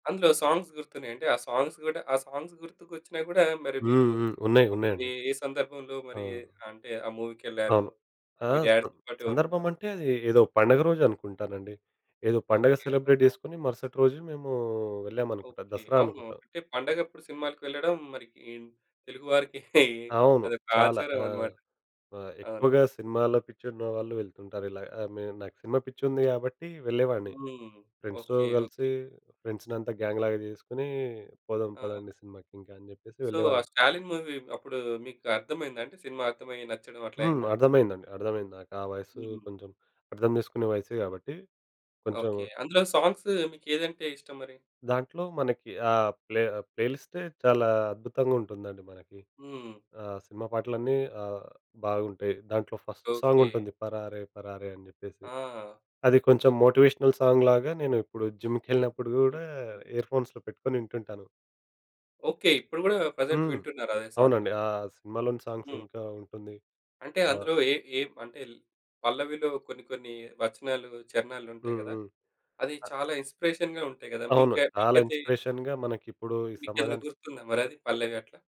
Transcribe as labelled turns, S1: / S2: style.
S1: అందులో సాంగ్స్ గుర్తున్నాయి. అంటే ఆ సాంగ్స్ గూడా ఆ సాంగ్స్ గుర్తుకొచ్చినా గూడా మరి మీరు
S2: హ్మ్. హ్మ్. ఉన్నాయి.
S1: అపుడు
S2: ఉన్నాయండి.
S1: ఏ సందర్భంలో
S2: ఆ!
S1: మరి అంటే ఆ మూవీకెళ్లారు?
S2: అవును. ఆ!
S1: మీ
S2: సం
S1: డ్యాడీ‌తో పాటు
S2: సందర్భం
S1: ఎవరున్నారు?
S2: అంటే అది ఏదో పండగ రోజు అనుకుంటానండి. ఏదో పండుగ
S1: ఓకే.
S2: సెలబ్రేట్
S1: ఆహా!
S2: జేసుకొని మరుసటి రోజు మేము వెళ్ళామనుకుంటా.
S1: ఓకే.
S2: దసరా
S1: అవును.
S2: అనుకుంటా.
S1: అంటే పండగప్పుడు సినిమా‌లకి వెళ్ళడం మరి ఇన్ తెలుగు వారికి
S2: అవును.
S1: అదొక
S2: చాలా.
S1: ఆచారం
S2: ఆ!
S1: అన్నమాట.
S2: ఆహ్,
S1: అవును.
S2: ఎక్కువగా సినిమాల్లో పిచ్చున్న వాళ్ళు వెళ్తుంటారు ఇలా. నేను నాకు సినిమా పిచ్చి ఉంది గాబట్టి వెళ్ళేవాడిని.
S1: హ్మ్.
S2: ఫ్రెండ్స్‌తో
S1: ఓకే.
S2: కలిసి
S1: ఓకే.
S2: ఫ్రెండ్స్‌నంతా గ్యాంగ్‌లాగా జేసుకొని పోదాం
S1: ఆ!
S2: పోదండి సినిమాకి ఇంకా అని జెప్పేసి
S1: సో ఆ
S2: వెళ్ళేవాళ్ళం.
S1: 'స్టాలిన్' మూవీ అప్పుడు మీకు అర్థమయిందా? అంటే సినిమా అర్థమయ్యి, నచ్చడం అట్లా
S2: హ్మ్.
S1: అయిందా?'
S2: అర్థమైందండి అర్థమైంది. నాకు ఆ వయస్సు
S1: హుహు.
S2: కొంచెం అర్థం జేసుకునే వయసే గాబట్టి కొంచెం
S1: ఓకే. అందులో సాంగ్స్ మీకు ఏదంటే ఇష్టం మరి?
S2: దాంట్లో మనకి ఆహ్, ప్లే ప్లేలిస్టే చాలా అద్భుతంగా ఉంటుందండి మనకి.
S1: హ్మ్.
S2: ఆహ్, సినిమా పాటలన్నీ ఆహ్, బాగుంటాయి. దాంట్లో ఫస్ట్ సాంగ్
S1: ఓకే.
S2: ఉంటుంది. పరారే పరారే అని జెప్పేసి.
S1: ఆ!
S2: అది కొంచెం మోటివేషనల్ సాంగ్‌లాగా నేను ఇప్పుడు జిమ్‌కెళ్ళినప్పుడు గూడా
S1: ఓకే.
S2: ఇయర్ ఫోన్స్‌లో పెట్టుకొని వింటుంటాను.
S1: ఓకే. ఇప్పుడు గూడా ప్రెజెంట్
S2: హ్మ్.
S1: వింటున్నారా అదే సాంగ్‌ని?
S2: అవునండి. ఆ సినిమాలోని సాంగ్స్
S1: హ్మ్.
S2: ఇంకా ఉంటుంది.
S1: అంటే
S2: ఆహ్.
S1: అందులో ఏ ఏం అంటే పల్లవిలో కొన్ని కొన్ని వచనాలు చరణాలుంటాయి
S2: హ్మ్.
S1: గదా!
S2: హ్మ్.
S1: అది చాలా ఇన్స్‌స్పిరేషన్‌గా ఉంటాయి గదా!
S2: అవును.
S1: మీకు
S2: చాలా
S1: మీకైతే
S2: ఇన్స్పిరేషన్‌గా మనకి ఇప్పుడు ఈ
S1: మీకెదైనా
S2: సమాజానికి.
S1: గుర్తుందా మరి అది? పల్లవి అట్లా.